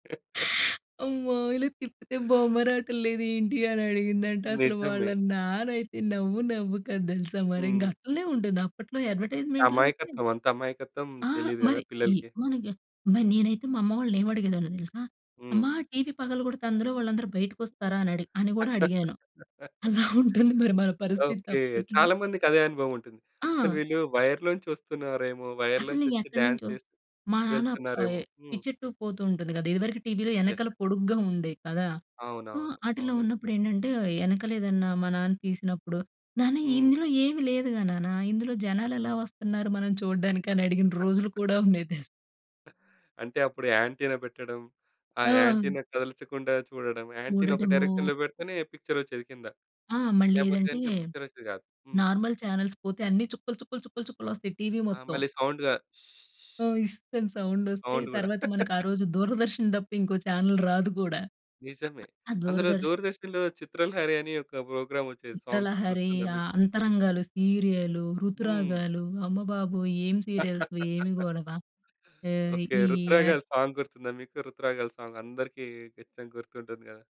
అమ్మో! ఇలా తిప్పితే బొమ్మరాటం లేదేంటి అనడిగిందంట. అసలు వాళ్ళ నిజమే. నాన్న అయితే నవ్వు నవ్వు కాదు తెలుసా? మరి ఇంక హ్మ్. అట్లనే ఉంటుంది అప్పట్లో అడ్వర్టైజ్మెంట్‌లంటే అమాయకత్వం, అంత అమాయకత్వం ఆ! తెలీదు కదా! మరి ఈ పిల్లలకి. మన ఎన్ మరి నేనైతే మా అమ్మ వాళ్ళనేమడిగేదాన్నో తెలుసా? అమ్మా హ్మ్. టీవీ పగలడితే అందులో వాళ్ళందరూ బయటకొస్తారా? అనడి అని కూడా అడిగాను. అలా ఉంటుంది మరి మన పరిస్థితి ఓకే. అప్పట్లో. చాలా మందికి అదే అనుభవం ఉంటుంది. అసలు ఆ! వీళ్ళు వైర్‌‌లో నుంచి వస్తున్నారేమో! వైర్‌లో అసలు నుంచి వచ్చి డాన్స్ ఎక్కడినుంచో చేస్తూ మా నాన్న ఆహ్, ఎ వెళ్తున్నారేమో హ్మ్. పిచ్చెట్టు పోతూ ఉంటుంది కదా! ఇదివరకు టీవీ‌లో యెస్. వెనకాల యెస్. పొడుగ్గా ఉండేవి కదా! సో, అవునవును. ఆటిలో అవునండి. ఉన్నప్పుడేంటంటే వెనకాలేదన్నా మా నాన్న తీసినప్పుడు, నాన్న, హ్మ్. ఇందులో ఏమి లేదుగా నాన్న. ఇందులో జనాలు ఎలా వస్తున్నారు మనం చూడడానికి? అని అడిగిన రోజులు కూడా ఉండేది తెల్ అంటే అప్పుడు యాంటీనా పెట్టడం, ఆ ఆ! యాంటీనా కదల్చకుండా చూడడం. యాంటీనా ఒక ఊడటము డైరెక్షన్‌లో పెడితేనే పిక్చరొచ్చేది కింద. ఆ! మళ్ళీ లేకపోతే ఏదంటే గనుక పిక్చరొచ్చేది కాదు. హ్మ్. నార్మల్ చానెల్స్ పోతే అన్ని చుక్కలు, చుక్కలు, చుక్కలు, చుక్కలొస్తాయి టీవీ ఆ! మొత్తం. మళ్ళీ సౌండ్‌గా ఆ! ఇస్త్ అని సౌండొస్తే, సౌండ్ గూడా. తర్వాత మనకు ఆ రోజు దూరదర్శన్ తప్ప ఇంకో చానెల్ రాదు కూడా. నిజమే. అ ఆ అందులో దూరదర్శన్ దూరదర్శన్‌లో 'చిత్రలహరి' అనే ఒక ప్రోగ్రామ్ వచ్చేది సాంగ్స్ 'చిత్రలహరి' గుర్తుందా మీకు? ఆహ్, 'అంతరంగాలు' సీరియలు హ్మ్. 'ఋతురాగాలు' అమ్మబాబోయ్! ఏం సీరియల్సు, ఏమి గొడవ. ఆహ్, ఓకే. ఈ యాడ్ ఋతురాగాలు సాంగ్ గుర్తుందా? మీకు ఋతురాగాలు సాంగ్ అందరికి కచ్చితంగా గుర్తుంటుంది కదా!